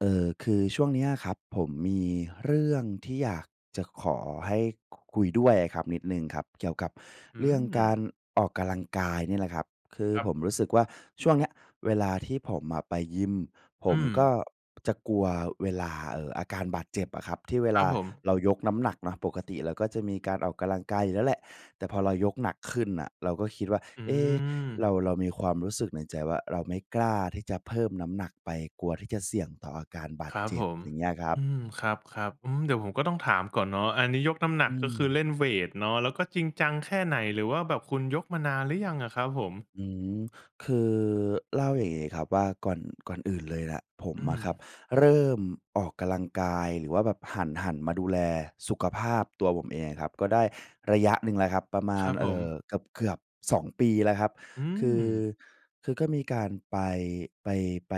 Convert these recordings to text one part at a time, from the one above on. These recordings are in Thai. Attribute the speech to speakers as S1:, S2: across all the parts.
S1: เอ่อ คือช่วงนี้อะครับ ผมมีเรื่องที่อยากจะขอให้ ค คุยด้วยอะครับ นิดหนึ่งครับ เกี่ยวกับ
S2: อื
S1: เรื่องก
S2: ม
S1: ารออกกำลังกายนี่แหละครับ คือ
S2: ครั
S1: ผ
S2: บ
S1: มรู้สึกว่า ช่วงเนี้ยเวลาที่ผมอะไปยิม ผ
S2: อื
S1: มก็
S2: ม
S1: จะกลัวเวลา เอ่อ อาการบาดเจ็บอะครับ ที่เว
S2: คร
S1: ล
S2: ั
S1: า
S2: บผม
S1: เรายกน้ำหนักเนาะ ปกติเราก็จะมีการออกกำลังกายอยู่แล้วแหละ แต่พอเรายกหนักขึ้นน่ะ เราก็คิดว่า
S2: อื
S1: เอ๊ะ
S2: ม
S1: เรา เรามีความรู้สึกในใจว่า เราไม่กล้าที่จะเพิ่มน้ำหนักไป กลัวที่จะเสี่ยงต่ออาการบาด
S2: ครับ
S1: เจ็
S2: ผ
S1: บ
S2: ม
S1: อย่างเงี้ยครับ
S2: อืม ครับ ๆ อืม เดี๋ยวผมก็ต้องถามก่อนเนาะ อันนี้ยกน้ำหน
S1: อ
S2: ั
S1: ื
S2: ก ก็คือเ
S1: ม
S2: ล่นเวตเนาะ แล้วก็จริงจังแค่ไหน หรือว่าแบบคุณยกมานานหรือยังอะครับผม?
S1: อืม คือ เล่าอย่างนี้ครับว่า ก่อน ก่อนอื่นเลยแหละ ผม
S2: อื
S1: อะครับ
S2: ม
S1: เริ่มออกกำลังกาย หรือว่าแบบหัน หันมาดูแลสุขภาพตัวผมเองอะครับ ก็ได้ระยะหนึ่งแล้วครับ ประม
S2: ค
S1: า
S2: รั
S1: ณ
S2: บผ
S1: เอ่
S2: ม
S1: อ เกือบ ๆ 2 ปีแล้วครับ
S2: อื
S1: คือ
S2: ม
S1: คือก็มีการไป ไป ไป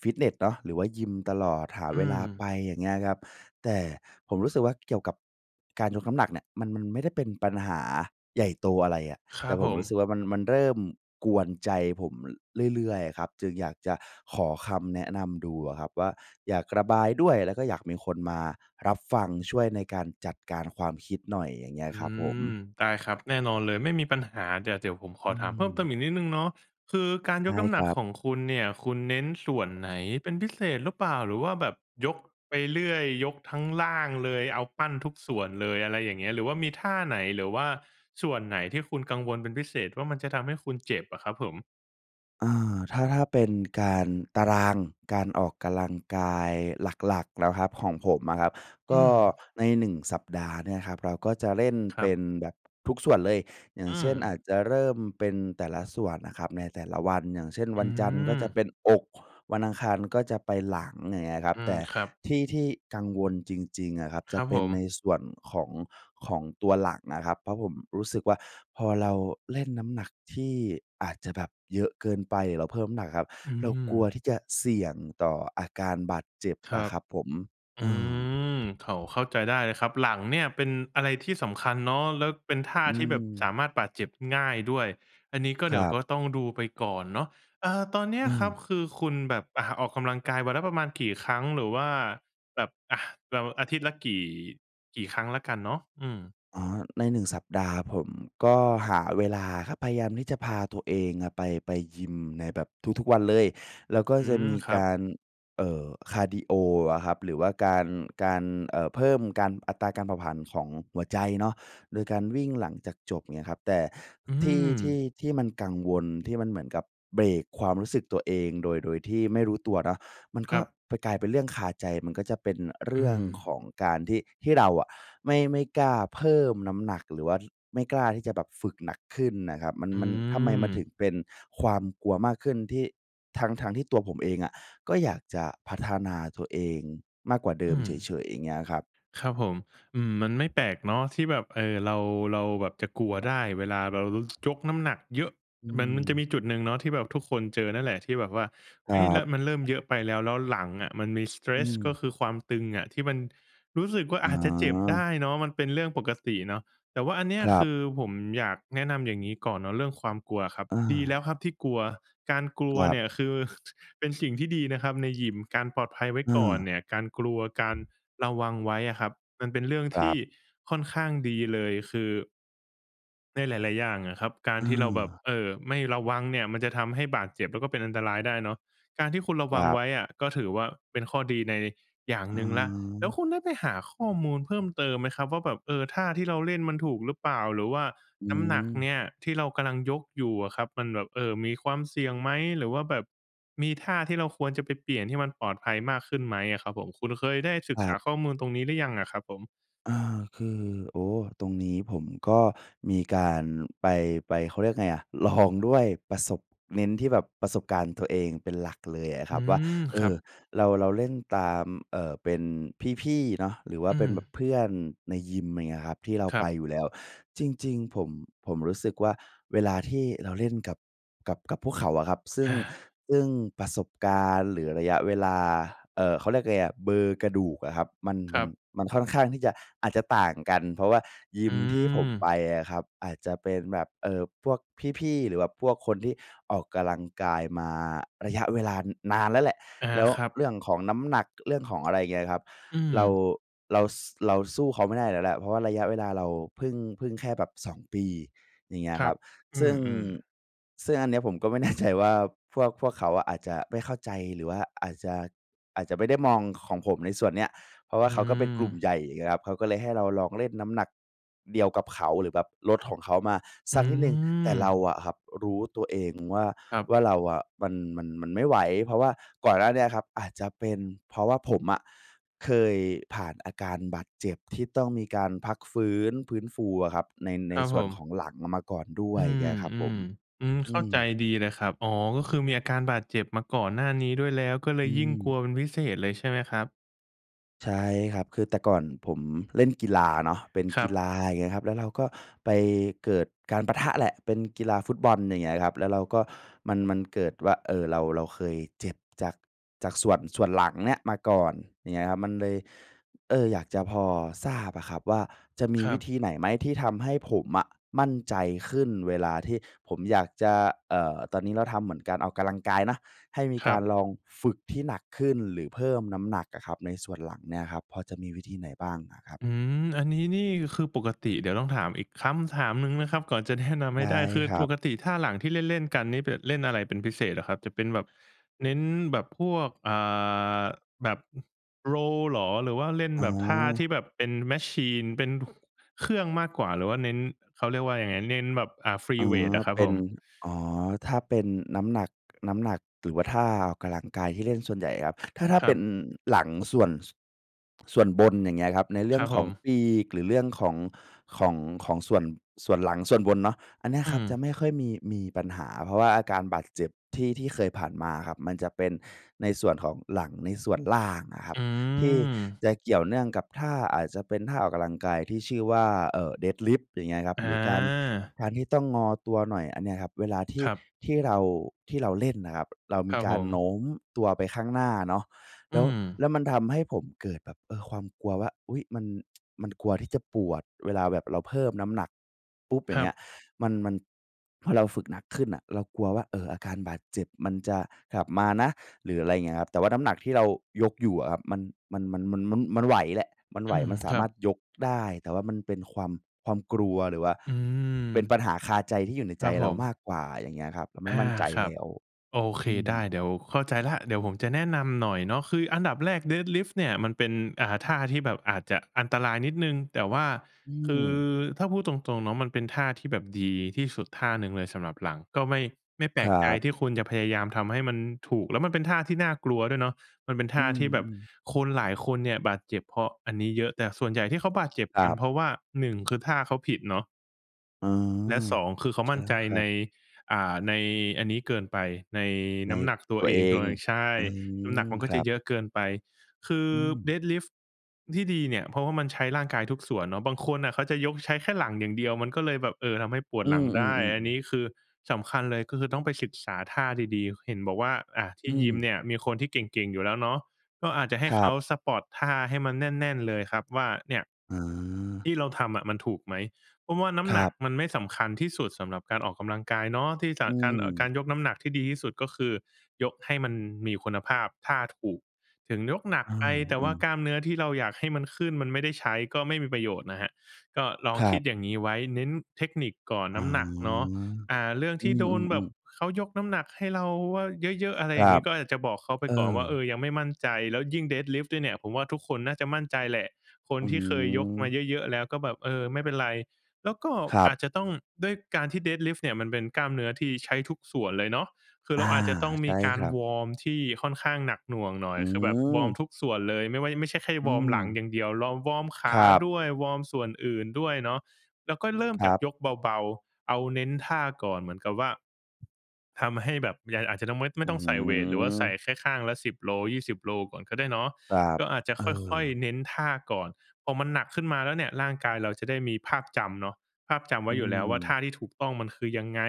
S1: ฟิตเนสเนาะ หรือว่ายิมตลอด หา
S2: อื
S1: เวลาไ
S2: ม
S1: ป อย่างเงี้ยครับ แต่ผมรู้สึกว่า เกี่ยวกับการยกน้ำหนักเนี่ย มัน มันไม่ได้เป็นปัญหาใหญ่โตอะไรอะ
S2: คร
S1: แต่
S2: ับ
S1: ผ
S2: ผ
S1: มรู้สึ
S2: ม
S1: กว่า มัน มันเริ่มกวนใจผม ระ เรื่อย ๆ อะครับ จึงอยากจะขอคำแนะนำดูอะครับว่า อยากระบายด้วย แล้วก็อยากมีคนมารับฟัง ช่วยในการจัดการความคิดหน่อย อย่างงี้อ
S2: อ
S1: ะ
S2: ื
S1: ครับผ
S2: ม
S1: ม
S2: ได้ครับ แน่นอนเลย ไม่มีปัญหา เดี๋ยว เดี๋ยวผมข
S1: อ
S2: อ
S1: ื
S2: ถามเพิ่มเติ
S1: ม
S2: มอีกนิดหนึ่งเนาะ คือการ
S1: ใช
S2: ย
S1: ่
S2: กน้ำ
S1: ค
S2: หนั
S1: ร
S2: ก
S1: ับ
S2: ของคุณเนี่ย คุณเน้นส่วนไหนเป็นพิเศษหรือเปล่า หรือว่าแบบยก ไปเรื่อย ยกทั้ง ร่างเลย เอาปั้นทุกส่วนเลย อะไรอย่างเงี้ย หรือว่ามีท่าไหน หรือว่าส่วนไหนที่คุณกังวลเป็นพิเศษว่า มันจะทำให้คุณเจ็บอะครับผม?
S1: เอ่อ ถ้า ถ้าเป็นการ ตาราง การออกกำลังกายหลัก ๆ แล้วครับ ของผมอะครับ
S2: อ
S1: ก
S2: ื
S1: ็
S2: ม
S1: ใน 1 สัปดาห์เนี่ยครับ เราก็จะเล่น
S2: ค
S1: เ
S2: ร
S1: ป
S2: ั
S1: ็
S2: บ
S1: นแบบ ทุกส่วนเลย อย่า
S2: อ
S1: ง
S2: ื
S1: เช่น อ
S2: ม
S1: าจจะเริ่มเป็นแต่ละส่วนน่ะครับในแต่ละวัน อย่างเช่น
S2: อ
S1: ว
S2: ื
S1: ันจันทร์ก็จะ
S2: ม
S1: เป็นอก วันอังคารก็จะไปหลัง อย่างเงี้ยครั
S2: อ
S1: บ
S2: ื
S1: แต
S2: ม
S1: ่
S2: ครับ
S1: ที่ ที่กังวลจริง ๆ อะครับ จ
S2: คร
S1: ะ
S2: ับ
S1: เป
S2: ผ
S1: ็นใน
S2: ม
S1: ส่วนของ ของตัวหลังนะครับ เพราะผมรู้สึกว่า พอเราเล่นน้ำหนัก ที่ อาจจะแบบเยอะเกินไป แล้วเพิ่มน้ำหนักครับ
S2: อื
S1: เรากลั
S2: ม
S1: วที่จะเสี่ยงต่ออาการบาดเจ็บ
S2: คร
S1: อ
S2: ั
S1: ะ
S2: บ
S1: ครับผม
S2: อ
S1: เอ
S2: ื
S1: อ
S2: ม โถ เข้าใจได้เลยครับ หลังเนี่ยเป็นอะไรที่สำคัญเนาะ แล้วเป็นท่า
S1: อื
S2: ที่แบบสา
S1: อ
S2: มารถบาดเจ็บ ง่ายด้วย อันนี้ก็
S1: ค
S2: เดี๋
S1: ร
S2: ยว
S1: ับ
S2: ก็ต้องดูไปก่อนเนาะ เอ่อ ตอนเนี้ย
S1: เ
S2: ครับ
S1: ออ
S2: คือคุณแบบ อ่า ออกกำลังกายวันละประมาณกี่ครั้ง? หรือว่าแบบ อะ เรา อาทิตย์ละกี่ กี่ครั้งแล้วกันเนาะ? อืม
S1: อ๋อ ใน 1 สัปดาห์ ผมก็หาเวลาครับ พยายามที่จะพาตัวเองอะไป ไปยิมในแบบทุก ๆ วันเลย แล้วก็
S2: อื
S1: จะ
S2: ม
S1: มี
S2: ครั
S1: ก
S2: บ
S1: าร เอ่อ คาร์ดีโออะครับ หรือว่าการ การ เอ่อ เพิ่มการ อัตราการเผาผลาญของหัวใจเนาะ โดยการวิ่งหลังจากจบ เงี้ยครับ แต่
S2: อื
S1: ที่ ที่
S2: ม
S1: ที่มันกังวล ที่มันเหมือนกับเบรกความรู้สึกตัวเอง โดย โดยที่ไม่รู้ตัวเนาะ มัน
S2: ค
S1: ก
S2: ร
S1: ็
S2: ับ
S1: ไปกลายเป็นเรื่องคาใจ มันก็จะเป็น อ เร
S2: อ
S1: ื
S2: ื
S1: ่องข
S2: ม
S1: องการที่ ที่เราอะไม่ ไม่กล้าเพิ่มน้ำหนัก หรือว่าไม่กล้าที่จะแบบฝึกหนักขึ้นน่ะครับ มัน
S2: อื
S1: มัน ทำไมมันถึง
S2: ม
S1: เป็น ความกลัวมากขึ้นที่ ทั้ง ๆ ที่ตัวผมเองอะ ก็อยากจะพัฒนา ตัวเองมากกว่าเดิ
S2: อ
S1: ม
S2: ื
S1: เ
S2: ม
S1: ฉย ๆ อย่างเงี้ยครับ
S2: ครับผม อืม มันไม่แปลกเนาะที่แบบ เอ่อ เรา เราแบบจะกลัวได้เวลาเรารู้ ยกน้ำหนักเยอะ
S1: อื
S2: เหมือนมันจะม
S1: อ
S2: ีจุดหนึ่งเนาะที่แบบทุกคนเจอนั่นแหละ ที่แบบว่า
S1: ค
S2: เฮ
S1: รั
S2: ้ย และ
S1: บ
S2: มันเริ่มเยอะไปแล้ว แล้วหลังอะมันมี
S1: อื
S2: stretch ก็
S1: ม
S2: คือความตึงอะ ที่มันรู้สึกว่า
S1: อ
S2: อ
S1: ๋
S2: าจจะเจ็บได
S1: อ
S2: ้เนาะ มันเป็นเรื่องปกติเนาะ แต่ว่าอันเนี้ย
S1: คร
S2: ค
S1: ั
S2: ื
S1: บ
S2: อผมอยากแนะนำอย่างงี้ก่อนเนาะ เรื่องความกลัวอะครับ
S1: อ
S2: ดีแล้ว
S1: า
S2: ครับที่กลัว การกลั
S1: ค
S2: ว
S1: รั
S2: เนี่
S1: บ
S2: ยคือ เป็นสิ่งที่ดีนะครับในยิม การปลอดภัยไว้
S1: อ
S2: ก่อน
S1: า
S2: เนี่ย การกลัว การระวังไว้อะครับ มันเป็นเรื่อง
S1: คร
S2: ท
S1: ั
S2: ี่
S1: บ
S2: ค่อนข้างดีเลย คือ ในหลาย ๆ อย่างอะครับ การ
S1: อ
S2: ที่เราแบบ
S1: า
S2: เอ่อ ไม่ระวังเนี่ย มันจะทำให้บาดเจ็บ แล้วก็เป็นอันตรายได้เนาะ การที่คุณระ
S1: ค
S2: วั
S1: ร
S2: ง
S1: ับ
S2: ไว้อะ ก็ถือว่าเป็นข้อดีใน อย่าง
S1: อ
S2: หนึ่งแล้ว แล้ว
S1: า
S2: คุณได้ไปหาข้อมูลเพิ่มเติมไหมครับว่า แบบ เออ ท่าที่เราเล่นมันถูกหรือเปล่า? หรือว่า
S1: อื
S2: น้ำหนักเน
S1: ม
S2: ี่ย ที่เรากำลังยกอยู่อะครับ มันแบบ เออ มีความเสี่ยงไหม? หรือว่าแบบ มีท่าที่เราควรจะไปเปลี่ยน ที่มันปลอดภัยมากขึ้นไหมอะครับผม? คุณเคยได้ศึ
S1: ค
S2: ก
S1: ร
S2: ษ
S1: ั
S2: า
S1: บ
S2: ข้อมูลตรงนี้หรือยังอะครับผม?
S1: อา คือ โอ้ ตรงนี้ผมก็มีการไป ไป เขาเรียกยังไงอะ ลองด้วยประสบ เน้นที่แบบประสบการณ์ตัวเองเป็นหลักเลยอะค
S2: อื
S1: รับว่า
S2: ม
S1: เ
S2: ค
S1: อ
S2: รั
S1: อ
S2: บ
S1: เรา เราเล่นตาม เอ่อ เป็นพี่ ๆ เนาะ หรือว่า
S2: อื
S1: เป็น
S2: ม
S1: แบบเพื่อนในยิม อะไรเงี้ยครับ ที่เรา
S2: ครั
S1: ไป
S2: บ
S1: อยู่แล้ว จริง ๆ ผม ผมรู้สึกว่า เวลาที่เราเล่นกับ กับ กับพวกเขาอะครับ ซึ
S2: อ
S1: ่ง
S2: า
S1: ซึ่งประสบการณ์ หรือระยะเวลา เอ่อ เขาเรียกไงอะ เบอร์กระดูกอะครับ มัน
S2: ค
S1: ม
S2: รั
S1: ัน
S2: บ
S1: มันค่อนข้างที่จะ อาจจะต่างกัน เพราะว่าย
S2: อ
S1: ิ
S2: ื
S1: มที่ผมไป
S2: ม
S1: อะครับ อาจจะเป็นแบบ เอ่อ พวกพี่ ๆ หรือว่าแบบพวกคนที่ออกกำลังกายมาระยะเวลานานแล้วแหละ
S2: อา
S1: แล้ว
S2: ครับ
S1: เรื่องของน้ำหนัก เรื่องของอะไรอย่างเงี้ยครับ
S2: อื
S1: เรา
S2: ม
S1: เรา ส เราสู้เขาไม่ได้อยู่แล้วแหละ เพราะว่าระยะเวลาเราเพิ่ง เพิ่งแค่แบบ 2 ปี อย่างเงี้ย
S2: คร
S1: ค
S2: ั
S1: รั
S2: บ
S1: บ
S2: อื
S1: ซึ่ง
S2: ม ๆ
S1: ซึ่งอันเนี้ย ผมก็ไม่แน่ใจว่า พวก พวกเขาอะ อาจจะไม่เข้าใจ หรือว่าอาจจะ อาจจะไม่ได้มองของผมในส่วนเนี้ย เพราะว่
S2: อ
S1: า
S2: ื
S1: เขาก็เป็นกลุ่ม
S2: ม
S1: ใหญ่ อย่างเงี้ยครับ เขาก็เลยให้เราลองเล่นน้ำหนักเดียวกับเขา หรือแบบลดของเขามา
S2: อื
S1: สักนิดหนึ่ง แต่เรา
S2: ม
S1: อะครับ รู้ตัวเองว่า
S2: ครับ
S1: ว่าเราอะ มัน มัน มันไม่ไหว เพราะว่าก่อนหน้าเนี้ยครับ อาจจะเป็นเพราะว่าผมอะ เคยผ่านอาการบาดเจ็บ ที่ต้องมีการพักฟื้น ฟื้นฟูอะครับ ใน
S2: ค
S1: ใน
S2: รับ
S1: ส
S2: ผ
S1: ่วนข
S2: ม
S1: องหลังมาก่อนด้ว
S2: อื
S1: ยเง
S2: ม
S1: ี้ยครับผม
S2: ๆ อืม
S1: อ
S2: เข
S1: ื
S2: ้าใ
S1: ม
S2: จดีเลยครับ อ๋อ ก็คือมีอาการบาดเจ็บมาก่อนหน้านี้ด้วยแล้ว ก็เล
S1: อ
S2: ย
S1: ื
S2: ยิ่งกล
S1: ม
S2: ัวเป็นพิเศษเลยใช่ไหมครับ?
S1: ใช่ครับ คือแต่ก่อนผมเล่นกีฬาเนาะ เป็น
S2: ค
S1: ก
S2: รั
S1: ี
S2: บ
S1: ฬา อย่างเงี้ยครับ แล้วเราก็ไปเกิดการปะทะแหละ เป็นกีฬาฟุตบอล อย่างเงี้ยครับ แล้วเราก็ มัน มันเกิดว่า เออ เรา เราเคยเจ็บจาก จากส่วน ส่วนหลังเนี้ย มาก่อน อย่างเงี้ยครับ มันเลย เออ อยากจะพอทราบอะครับว่า จะมี
S2: คร
S1: ว
S2: ั
S1: ิ
S2: บ
S1: ธีไหนไหม? ที่ทำให้ผมอะ มั่นใจขึ้น เวลาที่ผมอยากจะ เอ่อ ตอนนี้เราทำเหมือนการออกกำลังกายเนาะ ให้มี
S2: ค
S1: ก
S2: รั
S1: าร
S2: บ
S1: ลองฝึกที่หนักขึ้น หรือเพิ่มน้ำหนักอะครับ ในส่วนหลังเนี่ยครับ พอจะมีวิธีไหนบ้างอะครับ?
S2: อืม อันนี้นี่คือปกติ เดี๋ยวต้องถามอีกคำถามหนึ่งนะครับ ก่อนจะ แนะ นำ
S1: ใช
S2: ให้
S1: ่
S2: ได้ คือ
S1: ครั
S2: ป
S1: บ
S2: กติท่าหลังที่เล่น ๆ กันนี่ เปะเล่นอะไรเป็นพิเศษเหรอครับ? จะเป็นแบบเน้นแบบพวก อ่า แบบ Row เหรอ? หรือว่าเล่น
S1: อ๋
S2: แบบท่าท
S1: อ
S2: ี่แบบเป็น มาชีน เป็น เครื่องมากกว่า หรือว่าเน้น เขาเรียกว่ายังไง เน้นแบบ อ่า ฟรี
S1: อ๋อ
S2: เวตอะครั
S1: เ
S2: บ
S1: ป็
S2: ผ
S1: น
S2: ม
S1: อ๋อ ถ้าเป็นน้ำหนัก น้ำหนัก หรือว่าท่าออกกำลังกายที่เล่นส่วนใหญ่ครับ ถ้า ถ้า
S2: ค
S1: เ
S2: ร
S1: ป
S2: ั
S1: ็น
S2: บ
S1: หลังส่วน ส ส่วนบน อย่างเงี้ยครับ ในเรื
S2: ค
S1: ่อ
S2: ร
S1: ง
S2: ับ
S1: ข
S2: ผ
S1: อง
S2: ม
S1: ปีก หรือเรื่องของ ของ ของส่วน ส่วนหลังส่วนบนเนาะ อันเนี้ย
S2: อื
S1: ครับจะ
S2: ม
S1: ไม่ค่อยมี มีปัญหา เพราะว่าอาการบาดเจ็บที่ ที่เคยผ่านมาครับ มันจะเป็นในส่วนของหลังในส่วนล่างอะครั
S2: อื
S1: บ ที่
S2: ม
S1: จะเกี่ยวเนื่องกับท่า อาจจะเป็นท่าออกกำลังกายที่ชื่อว่า เอ่อ Deadlift อย่างเงี้ยครับ
S2: อ
S1: หรือการ
S2: า
S1: การที่ต้องงอตัวหน่อย อันเนี้ยครับ เวลาที
S2: ค
S1: ่
S2: รับ
S1: ที่เรา ที่เราเล่นอะครับ เราม
S2: คร
S1: ี
S2: ับ
S1: ก
S2: ผ
S1: ารโน
S2: ม
S1: ้มตัวไปข้างหน้าเนาะ แ
S2: อื
S1: ล้ว แ
S2: ม
S1: ล้วมันทำให้ผมเกิดแบบ เออ ความกลัวว่า อุ๊ย! มัน มันกลัวที่จะปวดเวลาแบบเราเพิ่มน้ำหนัก ปุ๊บ อย
S2: ค
S1: ่า
S2: ร
S1: งเ
S2: ั
S1: งี้
S2: บ
S1: ย มัน มันพอเราฝึกหนักขึ้นน่ะ เรากลัวว่า เออ อาการบาดเจ็บ มันจะกลับมานะ หรือ อะไรอย่างเงี้ยครับ แต่ว่าน้ำหนักที่เรายกอยู่อะครับ มัน มัน มัน มัน ม มันไหวแหละ มัน
S2: อ
S1: ไห
S2: ื
S1: ว
S2: ม
S1: มันส
S2: ค
S1: า
S2: รั
S1: มา
S2: บ
S1: รถยกได้ แต่ว่ามันเป็นความ ความกลัว หรือว่า
S2: อื
S1: เป็นป
S2: ม
S1: ัญหาคาใจ ที่อยู่ใน
S2: ค
S1: ใ
S2: ร
S1: จ
S2: ับผ
S1: เรามา
S2: ม
S1: กกว่า อย่างเงี้ยครับ เราไม
S2: อ
S1: ่
S2: า
S1: มั่นใจ
S2: ครั
S1: แล
S2: บ
S1: ้ว
S2: โอเค
S1: อื
S2: ได้
S1: ม
S2: เดี๋ยว เข้าใจแล้ว เดี๋ยวผมจะแนะนำหน่อยเนาะ คืออันดับแรก Deadlift เนี่ย มันเป็น อ่า ท่าที่แบบอาจจะอันตรายนิดหนึ่ง แต่ว่า
S1: อื
S2: คือ
S1: ม
S2: ถ้าพูดตรง ๆ เนาะ มันเป็นท่าที่แบบดีที่สุด ท่าหนึ่งเลยสำหรับหลัง ก็ไม่ ไม่แป
S1: ค
S2: ล
S1: ร
S2: ก
S1: ั
S2: ใจ
S1: บ
S2: ที่คุณจะพยายามทำให้มันถูก แล้วมันเป็นท่าที่น่ากลัวด้วยเนาะ มันเป็นท
S1: อื
S2: ่าที่แบบ
S1: ม ๆ
S2: คนหลายคนเนี่ย บาดเจ็บเพราะอันนี้เยอะ แต่ส่วนใหญ่ที่เขาบาดเจ็บ
S1: คร
S2: กั
S1: ั
S2: น
S1: บ
S2: เพราะว่า 1 คือท่าเขาผิดเนาะ
S1: เออ
S2: และ 2 คือเขา
S1: ใช
S2: ม
S1: ่
S2: ั่น
S1: แล
S2: ใจ
S1: ้วครั
S2: ใน
S1: บ
S2: อ่า ในอันนี้เกินไป ใน
S1: ใ
S2: น
S1: น
S2: ้ำหนักตั
S1: ต
S2: ว
S1: ัว
S2: เอ
S1: เอ
S2: งด้
S1: ง
S2: วย ใช่
S1: อื
S2: น้ำหนัก
S1: อ
S2: มันก็
S1: คร
S2: จะ
S1: ับ
S2: เยอะเกินไป คือ
S1: อืม
S2: Deadlift ที่ดีเนี่ย เพราะว่ามันใช้ร่างกายทุกส่วนเนาะ บางคนน่ะเขาจะยกใช้แค่หลังอย่างเดียว มันก็เลยแบบ เออ ทำให้ปว
S1: อ
S2: ด
S1: ื
S2: หลังได้
S1: ม
S2: อัน
S1: ๆ ๆ
S2: น
S1: ๆ
S2: ี้คือ สำคัญเลย ก็คือต้องไปศึกษาท่าดี ๆ เห็นบอกว่า อะที
S1: อื
S2: ่ยิม
S1: ม
S2: เนี่ย มีคนที่เก่ง ๆ อยู่แล้วเนาะ ก็อาจจะให้
S1: คร
S2: เข
S1: ั
S2: า
S1: บ
S2: สปอต ท่าให้มันแน่น ๆ เลยครับว่า เนี่ย
S1: อา
S2: ที่เราทำอะมันถูกไหม? เพราะว่าน้ำ
S1: คร
S2: หนั
S1: ั
S2: ก
S1: บ
S2: มันไม่สำคัญที่สุดสำหรับการออกกำลังกายเนาะ ที่จะ
S1: อื
S2: การ เอ่อ กา
S1: ม
S2: รยกน้ำหนักที่ดีที่สุด ก็คือ ยกให้มันมีคุณภาพ ท่าถูก ถึงยกหนัก
S1: อา
S2: ไป แต่
S1: อ
S2: ว
S1: ื
S2: ่า
S1: อ
S2: กล้ามเนื้อที่เราอยากให้มันขึ้น มันไม่ได้ใช้ ก็ไม่มีประโยชน์นะครับ ก็ลอง
S1: คร
S2: ค
S1: ั
S2: ิด
S1: บ
S2: อย่างงี้ไว้ เน้นเทคนิคก่อน
S1: อ
S2: น
S1: ๋อ
S2: ้ำหนักเนาะ อ่า เรื่อง
S1: อ
S2: ท
S1: ื
S2: ี่โดนแบ
S1: ม
S2: บ
S1: ๆ ๆ
S2: เขายกน้ำหนักให้เราว่า เยอะ ๆ อะไร
S1: ค
S2: อ
S1: ร
S2: ย่าง
S1: ั
S2: งี
S1: บ
S2: ้ ก็อาจจะบอกเขาไป
S1: เอ
S2: ก่อนว
S1: อ
S2: ่า เออ ยังไม่มั่นใจ แล้วยิ่ง Deadlift ด้วยเนี่ย ผมว่าทุกคนน่าจะมั่นใจแหละ คน
S1: อื
S2: ที่เคยยกมา
S1: ม
S2: เยอะ ๆ แล้วก็แบบ เออ ไม่เป็นไร แล้วก็
S1: ครั
S2: อ
S1: บ
S2: าจจะต้อง ด้วยการที่ Deadlift เนี่ย มันเป็นกล้ามเนื้อที่ใช้ทุกส่วนเลยเนาะ คือ
S1: อ
S2: เ
S1: า
S2: ราอาจจะต้อง
S1: ใช
S2: ม
S1: ่
S2: ีกา
S1: ค
S2: ร
S1: รับ
S2: วอร์มที่ค่อนข้างหนักหน่วงหน่อ
S1: อ
S2: ย
S1: ื
S2: คือแบบวอร์ม
S1: อ
S2: ทุกส่วนเลย ไม่ว่า ไม่ใช่แค่
S1: อื
S2: วอร์มหลัง
S1: ม
S2: อย่างเดียว เราวอร์มข
S1: ค
S2: า
S1: รับ
S2: ด้วย วอร์มส่วนอื่นด้วยเนาะ แล้วก็เริ่ม
S1: ค
S2: จ
S1: ร
S2: าก
S1: ับ
S2: ยกเบา ๆ เอาเน้นท่าก่อน เหมือนกับว่า ทำให้แบบยัง อาจจะต้องไม่ ไม
S1: อ
S2: ่
S1: ื
S2: ต้องใส่เวต หรือว่าใส่
S1: ม
S2: แค่ข้างละ 10 โล 20 โลก่อนก็ได้เนาะ
S1: ครับ
S2: ก็อาจจะ
S1: เอ
S2: ค่อย
S1: อ
S2: ๆ เน้นท่าก่อน พอมันหนักขึ้นมาแล้วเนี่ย ร่างกายเราจะได้มีภาพจำเนาะ ภาพจำไว
S1: อ
S2: ้
S1: ื
S2: อยู่แล้วว่า ท
S1: ม
S2: ่าที่ถูกต้องมันคือยังไง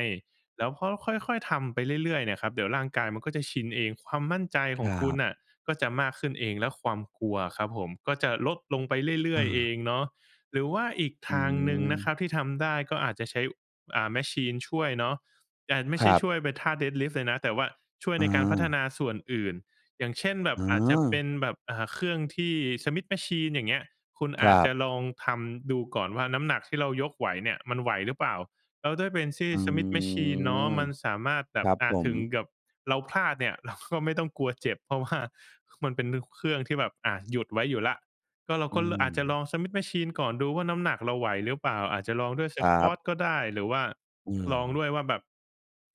S2: แล้วพอค่อย ๆ ทำไปเรื่อย ๆ เนี่ยครับ เดี๋ยวร่างกายมันก็จะชินเอง ความมั่นใจข
S1: ค
S2: อ
S1: ร
S2: งคุณ
S1: ับ
S2: น่ะก็จะมากขึ้นเอง และความกลัวอะครับผม ก็จะลดลงไปเรื่
S1: เ
S2: อย ๆ เอ
S1: ออ
S2: งเนาะ หรือว่าอีก
S1: อ
S2: ท
S1: ื
S2: างหนึ่งนะ
S1: อ
S2: ครับที่ทำได้ ก็อาจจะใช้ อ่า มาชีน ช่วยเนาะ จานไม่
S1: ค
S2: ใช
S1: ร
S2: ่
S1: ั
S2: ช
S1: บ
S2: ่วยไปท่า Deadlift เลยนะ แต่ว่าช่วย
S1: อ
S2: ในการพัฒน
S1: า
S2: าส่วนอื่น อย่างเช่น แบบ
S1: อ
S2: อาจจะเป
S1: า
S2: ็นแบบ อ่า เครื่องที่ Smith Machine อย่างเงี้ย คุณ
S1: ค
S2: อ
S1: ร
S2: าจ
S1: ั
S2: จะ
S1: บ
S2: ลองทำดูก่อนว่า น้ำหนักที่เรายกไหวเนี่ย มันไหวหรือเปล่า? แล้วด้วยเป็นที่
S1: อื
S2: Smith Machine เนาะ
S1: อ
S2: มันสามารถแบ
S1: คร
S2: บ
S1: ับ
S2: อะ
S1: ผ
S2: ถ
S1: ม
S2: ึงกับเราพลาดเนี่ย เรา ก็ไม่ต้องกลัวเจ็บ เพราะว่า ค มันเป็นเครื่องที่แบบ อะหยุดไว้อยู่แล้ว ก็เรา
S1: อื
S2: ก็ ร อาจจะล
S1: ม
S2: อง Smith Machine ก่อน ดูว่าน้ำหนักเราไหวหรือเปล่า? อาจจะลองด้วย
S1: ครับ
S2: Squat ก็ได้ หรือว่า
S1: เ
S2: ลอง
S1: ออ
S2: ด้วยว่าแบบ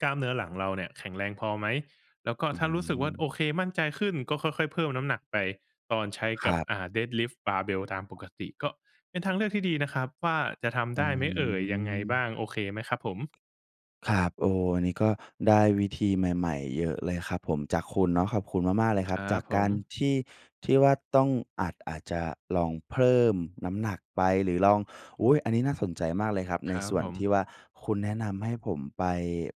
S2: กล้ามเนื้อหลังเราเนี่ยแข็งแรงพอไหม? แล้วก็
S1: อื
S2: ถ้ารู้สึกว่า
S1: ม
S2: โอเค มั่นใจขึ้น ก็ค่อย ๆ เพิ่มน้ำหนักไป ตอนใช้
S1: ค
S2: กั
S1: ร
S2: บ
S1: ับ
S2: อ่า Deadlift Barbell ตามปกติ ก็เป็นท
S1: อ
S2: างเลือกที่ดีนะครับว่า จะทำ
S1: อ
S2: ไ
S1: ื
S2: ด้ไหมเอ่ย? ยังไงบ
S1: ม
S2: ้าง? โอเคไหมครับผม?
S1: ครับ โอ้โฮ อันนี้ก็ได้วิธีใหม่ ๆ เยอะเลยครับผม จากคุณเนาะ ขอบคุณมาก ๆ เลยคร
S2: ค
S1: ับ
S2: รั
S1: จา
S2: บ
S1: ก
S2: ผ
S1: การ
S2: ม
S1: ที่ ที่ว่าต้อง อาจ อาจจะลองเพิ่มน้ำหนักไป หรือลอง อุ๊ย! อันนี้น่าสนใจมากเลยครับ
S2: ค
S1: ใน
S2: รั
S1: ส
S2: บ
S1: ่วน
S2: ผ
S1: ท
S2: ม
S1: ี่ว่าคุณแนะนำให้ผมไป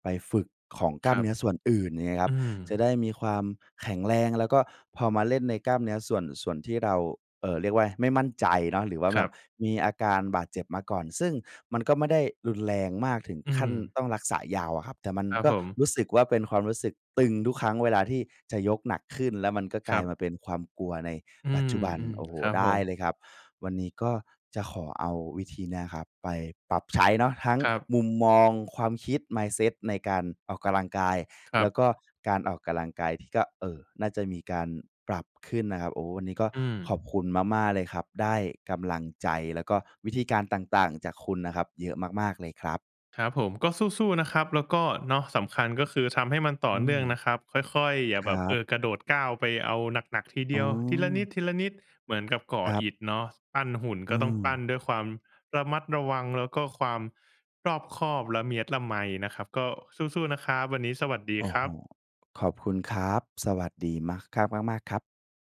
S1: ไปฝึกของกล
S2: ค
S1: ้า
S2: ร
S1: ม
S2: ั
S1: เน
S2: บ
S1: ื้อส่วนอื่น อย่างงี้ครั
S2: อ
S1: บ
S2: ื
S1: จะ
S2: ม
S1: ได้มีความแข็งแรง แล้วก็พอมาเล่นในกล้ามเนื้อส่วน ส่วนที่เรา เอ่อ เรียกว่าอะไร ไม่มั่นใจเนาะ หรือว่า
S2: ค
S1: แบ
S2: รั
S1: บ
S2: บ
S1: มีอาการบาดเจ็บมาก่อน ซึ่งมันก็ไม่ได้รุนแรงมากถึง
S2: อื
S1: ขั้น
S2: ม
S1: ต้องรักษายาวอะครับ แต่มัน
S2: ครับ
S1: ก็
S2: ผม
S1: รู้สึกว่าเป็นความรู้สึกตึงทุกครั้งเวลาที่จะยกหนักขึ้น แล้วมันก็ก
S2: ค
S1: ล
S2: ร
S1: า
S2: ั
S1: ย
S2: บ
S1: มาเป็นความกลัวใน
S2: อื
S1: ปัจ
S2: ม
S1: จุบัน โอ้โฮ
S2: ๆ ครับ
S1: ได
S2: ผ
S1: ้
S2: ม
S1: เลยครับ วันนี้ก็จะขอเอาวิธีเนี้ยครับไปปรับใช้เนาะ ทั้ง
S2: ครับ
S1: มุมมอง ความคิด mindset ในการออกกำลังกาย
S2: คร
S1: แ
S2: ั
S1: ล้
S2: บ
S1: วก็การออกกำลังกายที่ก็ เออ น่าจะมีการปรับขึ้นนะครับ โอ้ วันนี้ก็
S2: อื
S1: ข
S2: ม
S1: อบคุณมาก ๆ เลยครับ ได้กำลังใจ แล้วก็วิธีการต่าง ๆ จากคุณน่ะครับ เยอะมาก ๆ เลยครับ
S2: ครับผม ก็สู้ ๆ นะครับ แล้วก็ เนาะ สำคัญก็คือทำให้มันต่อ
S1: อื
S2: เนื่
S1: ม
S2: องนะครับ ค่อย ๆ อย่
S1: ค
S2: า
S1: ร
S2: แบ
S1: ั
S2: บ เอ
S1: บ
S2: อ กระโดดก้าวไปเอาหนัก ๆ ทีเด
S1: อ๋
S2: ียว ทีละ
S1: อ
S2: นิด ๆ เหมือนกับก่
S1: ค
S2: อ
S1: รับ
S2: อิฐเนาะ ส ปั้นหุ่น
S1: อื
S2: ก็ต้องปั้น
S1: อ
S2: ด้วยความระมัดระวัง แล้วก็ความรอบคอบ ละเมียดละไมนะครับ ก็สู้ ๆ นะครับ วันนี้สวัสดี
S1: โอ้
S2: คร
S1: โฮ
S2: ับ
S1: ขอบคุณครับ สวัสดีมากครับ มาก ๆ ครับ